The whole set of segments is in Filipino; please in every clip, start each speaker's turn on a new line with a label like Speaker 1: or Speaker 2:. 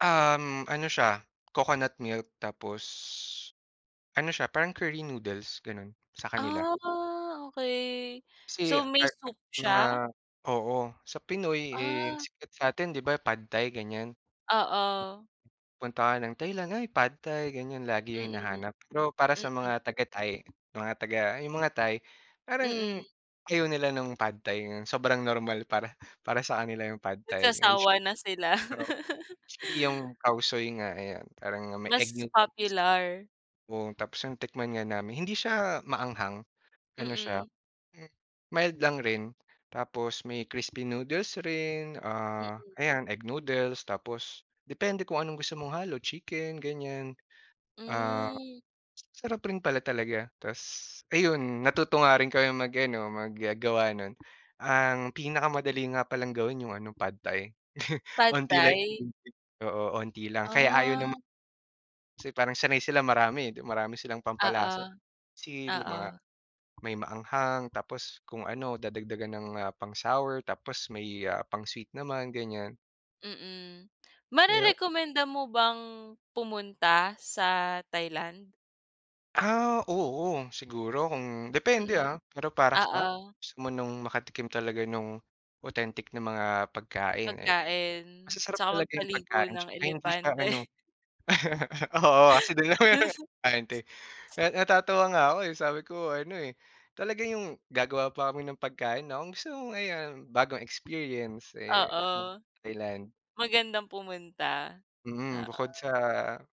Speaker 1: Um, ano siya, coconut milk tapos, ano siya parang curry noodles gano'n, sa kanila.
Speaker 2: Ah, okey.
Speaker 1: Kasi
Speaker 2: So
Speaker 1: [unintelligible]
Speaker 2: may
Speaker 1: at
Speaker 2: soup
Speaker 1: mga
Speaker 2: siya?
Speaker 1: oo, sa Pinoy, eh,
Speaker 2: Ah.
Speaker 1: sikat sa'tin 'di ba pad Thai ganyan?
Speaker 2: Oo.
Speaker 1: Punta ka ng Thailand ay, pad thai ganyan lagi yung
Speaker 2: Mm,
Speaker 1: hinahanap, pero para sa
Speaker 2: mm.
Speaker 1: mga taga Thai mga taga yung mga Thai parang,
Speaker 2: Mm.
Speaker 1: ayaw nila nung pad Thai ngayon sobrang normal para, para sa kanila yung pad Thai, [unintelligible]
Speaker 2: Nagsasawa na sila.
Speaker 1: oo, actually yung cow soy nga ayan parang may egg
Speaker 2: Mas
Speaker 1: noodles.
Speaker 2: popular.
Speaker 1: Oo tapos nung tikman nga namin hindi siya maanghang, ano siya,
Speaker 2: Mm.
Speaker 1: m mild lang rin tapos may crispy noodles rin, ah,
Speaker 2: Mm.
Speaker 1: ayan egg noodles tapos depende kung anong gusto mong halo chicken, ganyan. Ah,
Speaker 2: Hmm.
Speaker 1: sarap rin pala talaga ta's ayun natuto nga rin kaming mag-ano mag-gawa non. Ang pinakamadali nga palang gawin yung ano pad Thai,
Speaker 2: Pad
Speaker 1: 'onti lang
Speaker 2: Thai?
Speaker 1: yung ingridients, oo onti lang kaya ayaw ng
Speaker 2: Ah.
Speaker 1: mga kasi parang sanay sila marami 'di marami silang
Speaker 2: Oo.
Speaker 1: pampalasa, basil
Speaker 2: Oo.
Speaker 1: mga may maanghang tapos kung ano dadagdagan ng, ah, pang sour tapos may, ah, pang sweet naman ganyan.
Speaker 2: Mm,
Speaker 1: Kaya
Speaker 2: marerekomenda mo bang, pumunta sa Thailand?
Speaker 1: Ah, oo. Siguro kung depende,
Speaker 2: Mm,
Speaker 1: ah, pero para sa
Speaker 2: oo.
Speaker 1: gusto mo nung makatikim talaga nung, authentic na mga pagkain, eh,
Speaker 2: Pagkain,
Speaker 1: masasarap
Speaker 2: 'tsaka
Speaker 1: talaga yung
Speaker 2: magpaligo
Speaker 1: pagkain
Speaker 2: ng
Speaker 1: 'tsaka hindi siya ano
Speaker 2: elepante.
Speaker 1: Oo kasi do'n naman yung elepante, well na natatawa nga 'ko, eh, sabi ko ano, eh, talaga yung gagawa pa kami ng pagkain na anong gusto mo ngayon bagong experience, eh, mag
Speaker 2: Oo.
Speaker 1: Thailand.
Speaker 2: Magandang pumunta,
Speaker 1: Mm,
Speaker 2: oo.
Speaker 1: bukod sa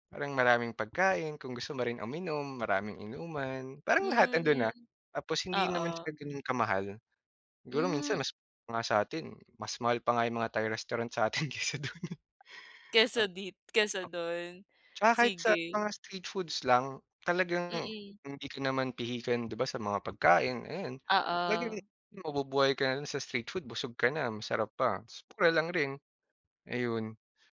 Speaker 1: parang maraming pagkain kung gusto mo rin uminom, maraming inuman, parang lahat 'ando'n
Speaker 2: Hmm,
Speaker 1: na. Tapos hindi naman siya
Speaker 2: oo.
Speaker 1: gano'n ka-mahal, siguro
Speaker 2: Hmm.
Speaker 1: minsan mas nga sa'tin, mas mahal pa nga yung mga Thai restaurant sa'tin kaysa do'n, eh. O
Speaker 2: Kaysa dit kaysa
Speaker 1: o
Speaker 2: do'n?
Speaker 1: 'Tsaka kahit sa
Speaker 2: Sige.
Speaker 1: mga street foods lang, talagang
Speaker 2: Mm.
Speaker 1: hindi ka naman pihikan 'di ba sa mga pagkain ayun, talagang
Speaker 2: Oo.
Speaker 1: mabubuhay ka na lang sa street food busog ka na masarap pa ta's mura lang rin, ayun.